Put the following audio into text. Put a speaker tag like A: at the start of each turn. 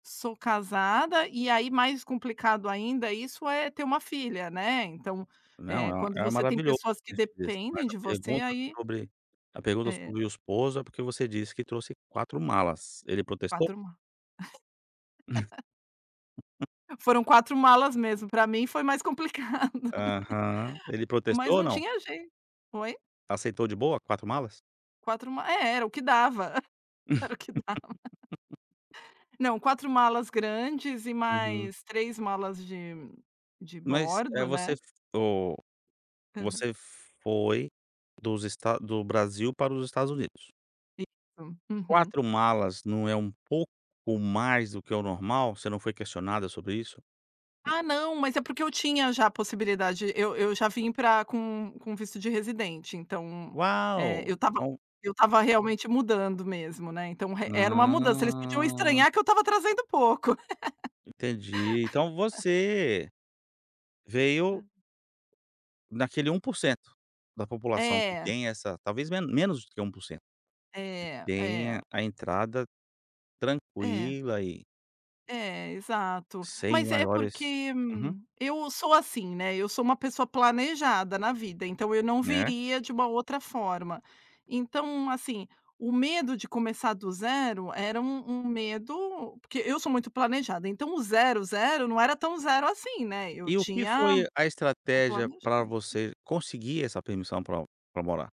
A: Sou casada, e aí mais complicado ainda isso, é ter uma filha, né. Então, eh,
B: Não,
A: quando
B: é um é
A: você tem
B: maravilhoso
A: pessoas que
B: ter esse visto. Mas
A: dependem
B: a
A: de você,
B: pergunta
A: aí
B: sobre a pergunta
A: É.
B: sobre o esposo, é porque você disse que trouxe 4 malas. Ele protestou?
A: 4 ma Foram 4 malas mesmo, pra mim foi mais complicado.
B: Aham. Ele
A: Mas
B: protestou ou
A: não
B: não?
A: tinha jei Oi?
B: Aceitou de boa, 4 malas?
A: 4 ma é, era o que dava. Era o que dava. Não, 4 malas grandes e
B: Uhum.
A: mais 3 malas de de
B: Mas, eh,
A: bordo,
B: você
A: né.
B: f oh,
A: Aham.
B: você foi dos esta do Brasil para os Estados Unidos?
A: Isso, uhum.
B: 4 malas não é um pouco mais do que o normal? Você não foi questionada sobre isso?
A: Ah não, mas é porque eu tinha já a possibilidade. Eu eu já vim pra com com visto de residente, então, eh,
B: Uau,
A: eu estava
B: então
A: eu estava realmente mudando mesmo, né. Então e era uma mudança, eles podiam
B: Ah.
A: estranhar que eu estava trazendo pouco.
B: Entendi. Então você veio
A: Hã.
B: naquele 1% da população que
A: É.
B: tem essa talvez me menos do que 1% que
A: É,
B: tem
A: é.
B: a entrada
A: É.
B: tranquila, e
A: É, exato.
B: sem
A: Mas é
B: maiores
A: porque,
B: uhum.
A: eu sou assim, né, eu sou uma pessoa planejada na vida, então eu não
B: É?
A: viria de uma outra forma. Então assim, o medo de começar do zero, era um um medo porque eu sou muito planejada, então zero, zero, não era tão zero assim, né. Eu
B: E o que
A: tinha
B: foi a
A: o
B: estratégia para
A: planejamento.
B: você conseguir essa permissão pra pra morar?